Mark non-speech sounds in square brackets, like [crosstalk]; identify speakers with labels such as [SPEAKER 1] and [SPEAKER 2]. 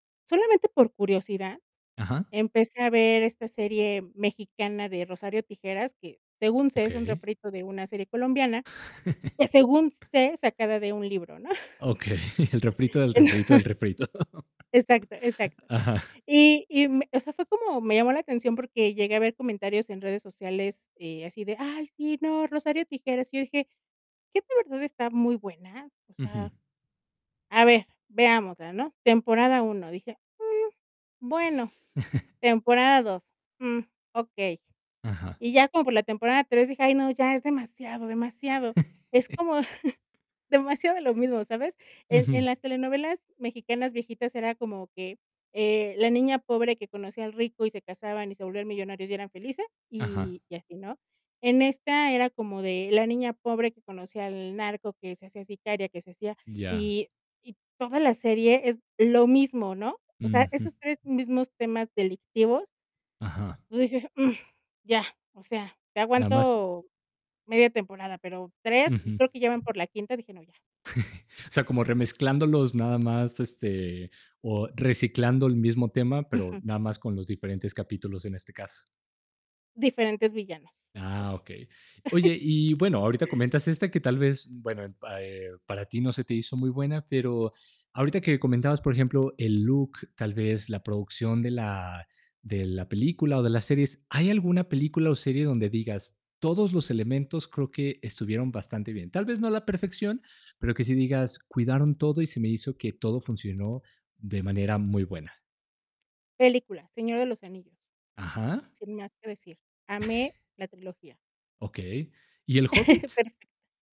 [SPEAKER 1] Solamente por curiosidad,
[SPEAKER 2] Ajá.
[SPEAKER 1] empecé a ver esta serie mexicana de Rosario Tijeras, que, según sé, es un
[SPEAKER 2] Okey.
[SPEAKER 1] refrito de una serie colombiana,
[SPEAKER 2] [laughs]
[SPEAKER 1] que, según sé, sacada de un libro, ¿no? [chuckles]
[SPEAKER 2] Okey, el refrito, del refrito, del
[SPEAKER 1] [chuckles]
[SPEAKER 2] refrito.
[SPEAKER 1] Exacto,
[SPEAKER 2] [chuckles]
[SPEAKER 1] exacto.
[SPEAKER 2] Ajá.
[SPEAKER 1] Y y me, o sea, fue como me llamó la atención porque llegué a ver comentarios en redes sociales, eh, así de: "Ay, sí, no, Rosario Tijeras". Y yo dije: "¿Qué de verdad está muy buena?". O
[SPEAKER 2] Ujú.
[SPEAKER 1] sea, a ver, veámosla, ¿no? Temporada 1, dije: "Mm, bueno".
[SPEAKER 2] [chuckles]
[SPEAKER 1] Temporada 2: "Mm okey",
[SPEAKER 2] Ajá.
[SPEAKER 1] y ya como por la temporada 3 dije: "Ay, no, ya es demasiado, demasiado". Es
[SPEAKER 2] [chuckles]
[SPEAKER 1] como [chuckles] demasiado de lo mismo, ¿sabes? En
[SPEAKER 2] Ujú.
[SPEAKER 1] en las telenovelas mexicanas viejitas era como que, eh, la niña pobre que conocía al rico y se casaban y se volvían millonarios y eran felices,
[SPEAKER 2] Ajá.
[SPEAKER 1] y y así, ¿no? En esta era como de la niña pobre que conocía al narco, que se hacía sicaria, que se hacía,
[SPEAKER 2] Ya.
[SPEAKER 1] y y toda la serie es lo mismo, ¿no? O sea,
[SPEAKER 2] Ujú.
[SPEAKER 1] esos 3 mismos temas delictivos
[SPEAKER 2] Ajá.
[SPEAKER 1] tú dices: "mm ya", o sea, te
[SPEAKER 2] Nada más
[SPEAKER 1] aguanto media temporada, pero, ¿3?, y
[SPEAKER 2] Ujú.
[SPEAKER 1] creo que ya van por la quinta, dije: "No, ya".
[SPEAKER 2] [chuckles] O sea, como remezclándolos nada más, este, o reciclando el mismo tema, pero
[SPEAKER 1] Ujú.
[SPEAKER 2] nada más con los diferentes capítulos, en este caso.
[SPEAKER 1] Diferentes villanos,
[SPEAKER 2] Ah,
[SPEAKER 1] ponle.
[SPEAKER 2] okey.
[SPEAKER 1] [chuckles]
[SPEAKER 2] Oye, y bueno, ahorita comentas esta, que tal vez, bueno, eh, pa eh, para ti no se te hizo muy buena, pero ahorita que comentabas, por ejemplo, el look, tal vez la producción de la de la película o de las series, ¿hay alguna película o serie donde digas: "Todos los elementos creo que estuvieron bastante bien". Tal vez no a la perfección, pero que sí digas: "Cuidaron todo y se me hizo que todo funcionó de manera muy buena".
[SPEAKER 1] Película, Señor de los anillos.
[SPEAKER 2] Ajá.
[SPEAKER 1] Sin más que decir, amé
[SPEAKER 2] [chuckles]
[SPEAKER 1] la trilogía.
[SPEAKER 2] Okey. ¿Y El
[SPEAKER 1] [chuckles]
[SPEAKER 2] Hobbit?
[SPEAKER 1] Perfecto.